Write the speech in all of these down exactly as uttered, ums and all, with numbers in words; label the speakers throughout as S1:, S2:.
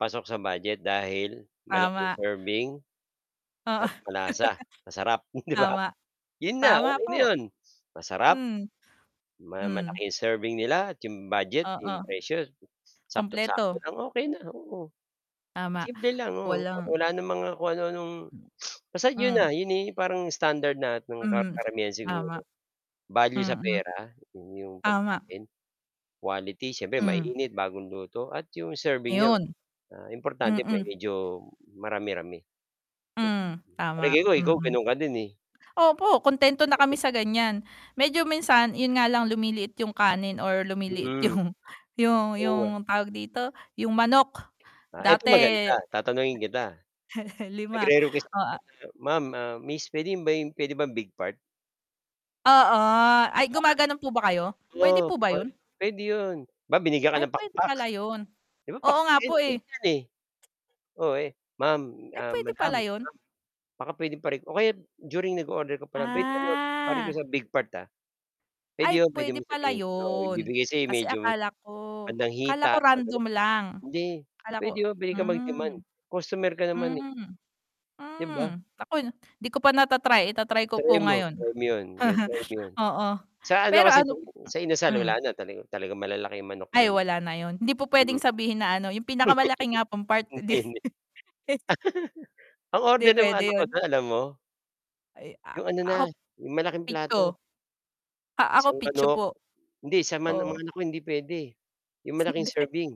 S1: Pasok sa budget dahil malaking
S2: Tama.
S1: serving
S2: Oo.
S1: at malasa, masarap 'di ba?
S2: Tama.
S1: 'Yun na,
S2: Tama
S1: okey na
S2: po.
S1: 'yun. Masarap,
S2: Hmm.
S1: ma
S2: Hmm.
S1: malaki 'yung serving nila at 'yung budget,
S2: Oo.
S1: 'yung presyo m saktong-sakto
S2: Kumpleto.
S1: lang, okey na, oo.
S2: Tama,
S1: Simple lang, oo,
S2: walang
S1: wala ng mga kung ano-anong basta 'yun
S2: Hmm.
S1: na, 'yun na 'yong parang standard lahat ng ka
S2: Hmm,
S1: karamihan
S2: tama.
S1: siguro. Value sa
S2: Mm.
S1: pera, 'yong yong
S2: Tama.
S1: pagkain, quality siyempre
S2: Hmm.
S1: mainit, bagong luto, at 'yong serving niya,
S2: Ayun.
S1: ah, importante may
S2: Mm.
S1: medyo marami-rami. Lek
S2: Hmm, tama,
S1: Palagay ko ikaw,
S2: mm.
S1: gano'n ka din, eh.
S2: Opo, kontento na kami sa ganiyan, medyo minsan, 'yun nga lang lumiliit 'yung kanin or lumiliit
S1: Hmm,
S2: 'yung 'yung
S1: oo, ah.
S2: 'yung tawag dito, 'yung manok
S1: Ah, eto maganda
S2: dati
S1: tatanungin kita.
S2: Lima,
S1: Nagre-request
S2: oh, a
S1: [unintelligible] "ma'am, ah, miss puwede ba 'yung pwede bang big part?"
S2: Oo. Ay,
S1: 'Di ba?
S2: gumaganon po ba kayo? Puwede
S1: Oo,
S2: po ba
S1: pwe
S2: 'yon?
S1: puwede 'yun. 'Di ba binigyan ka
S2: Ay
S1: ng
S2: puwede
S1: pakpak,
S2: pala 'yun.
S1: 'di ba,
S2: Oo
S1: pakpak
S2: nga
S1: 'yan,
S2: po, eh.
S1: liit 'yan, eh. Oh, eh, "ma'am,
S2: Ay
S1: ah,
S2: puwede
S1: madam,
S2: pala
S1: ma'am
S2: 'yun?
S1: baka pwedeng pare" o kaya during nag-o-order ko pa lang, "Puwede ano, pa-request
S2: Ah.
S1: sa big part, ah." Puwede
S2: Ay,
S1: 'yun, puwede
S2: puwede
S1: mo
S2: pala
S1: sabihin, oo,
S2: 'yon,
S1: ibibigay sa
S2: kasi
S1: medyo
S2: akala ko
S1: bandang
S2: akala ko
S1: hita.
S2: random
S1: [unintelligible]
S2: lang,
S1: Hindi,
S2: akala ko
S1: puwede 'yun, puwede kang
S2: hmm.
S1: mag-demand. Customer ka naman, eh.
S2: Hmm.
S1: 'Di ba?
S2: Hmm, naku, hindi ko pa nata-try, ita-try ko po
S1: Try mo,
S2: ngayon.
S1: try mo 'yon. Ganon, try mo 'yun
S2: Oo.
S1: Sa ano
S2: Pero
S1: kasi,
S2: ano p
S1: [unintelligible] sa Inasal wala
S2: hmm.
S1: na, tala talagang malalaki ang manok
S2: Ay
S1: do'n.
S2: wala na 'yun, hindi po puwedeng
S1: Mm.
S2: sabihin na ano, "'yung pinakamalaki nga pong part."
S1: Ang
S2: Di
S1: tindi. Ang
S2: 'Di
S1: order ng mga
S2: puwede
S1: anak ko
S2: 'yun.
S1: do'n, alam mo?
S2: Ay, a
S1: 'Yung ano na,
S2: ako
S1: 'yung malaking
S2: pecho.
S1: plato.
S2: Ah, ako
S1: Isang
S2: pecho
S1: manok.
S2: po,
S1: Hindi sa man
S2: oo.
S1: mga anak ko hindi puwede. 'Yung malaking
S2: Hindi.
S1: serving,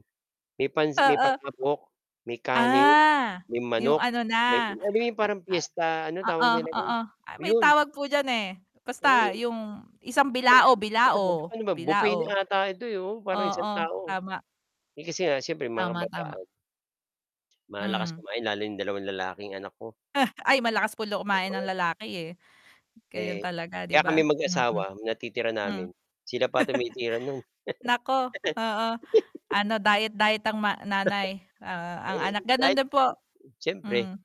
S1: may pans may
S2: Oo.
S1: palabok, may kanin,
S2: Ah,
S1: may
S2: 'yung
S1: manok,
S2: ano
S1: may
S2: na
S1: alam mo 'yung
S2: a
S1: parang
S2: a
S1: fiesta, ano tawag
S2: Oo,
S1: nila do'n?
S2: oo. Ah, may
S1: 'Yon.
S2: tawag po diyan, eh,
S1: Oo
S2: basta
S1: 'yun.
S2: 'yung isang
S1: Parang
S2: bilao
S1: [unintelligible]
S2: bilao.
S1: ano ba buffet
S2: Bilao.
S1: na ata ito, eh, oh, parang
S2: Oo,
S1: isang tao.
S2: tama.
S1: Eh, kasi nga, siyempre, mga
S2: Tama, tama.
S1: kabataan. Malalakas
S2: Hmm.
S1: kumain, lalo 'yung dalawang lalaking anak ko.
S2: Ay malakas po daw kumain ng
S1: dalawa
S2: lalaki, eh. Gayon
S1: Eh,
S2: talaga, 'di
S1: ka kami
S2: ba? Mm. Hmm.
S1: mag-asawa, natitira namin, sila pa tumitira no'n.
S2: Naku, oo. Ano diet diet ang ma nanay, oo, ang
S1: Eh,
S2: anak gano'n
S1: kahit
S2: din po.
S1: siyempre.
S2: Hmm.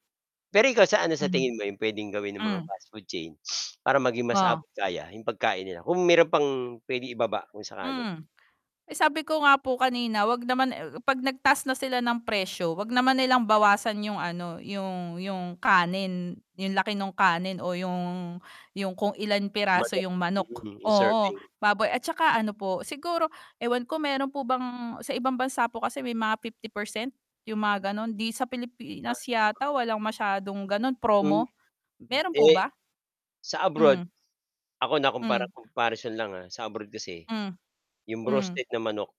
S1: Pero ikaw sa ano sa
S2: Mm.
S1: tingin mo 'yung puwedeng gawin ng mga
S2: Hmm.
S1: fastfood chain para maging mas
S2: Oh.
S1: abot kaya 'yung pagkain nila? Kung meron pang puwedeng ibaba kung sakali.
S2: Hmm, eh, sabi ko nga po kanina, 'wag naman, eh oh, 'pag nagtaas na sila ng presyo, 'wag naman nilang bawasan 'yung ano, 'yung 'yung kanin, 'yung laki nung kanin o yung yung kung ilang piraso
S1: Mada
S2: 'yung manok.
S1: mhm, 'yung
S2: Oo,
S1: serving.
S2: baboy at tsaka ano po siguro ewan ko meron po bang sa ibang bansa po kasi may mga fifty percent 'yung mga gano'n. Di sa Pilipinas
S1: Ah.
S2: yata walang masyadong gano'n,
S1: Hmm
S2: promo, meron po
S1: eh,
S2: ba?
S1: sa abroad
S2: Hmm.
S1: ako nakumpara
S2: Hmm.
S1: comparison lang, ah, sa abroad kasi
S2: Hmm,
S1: 'yung
S2: Hmm.
S1: roasted na manok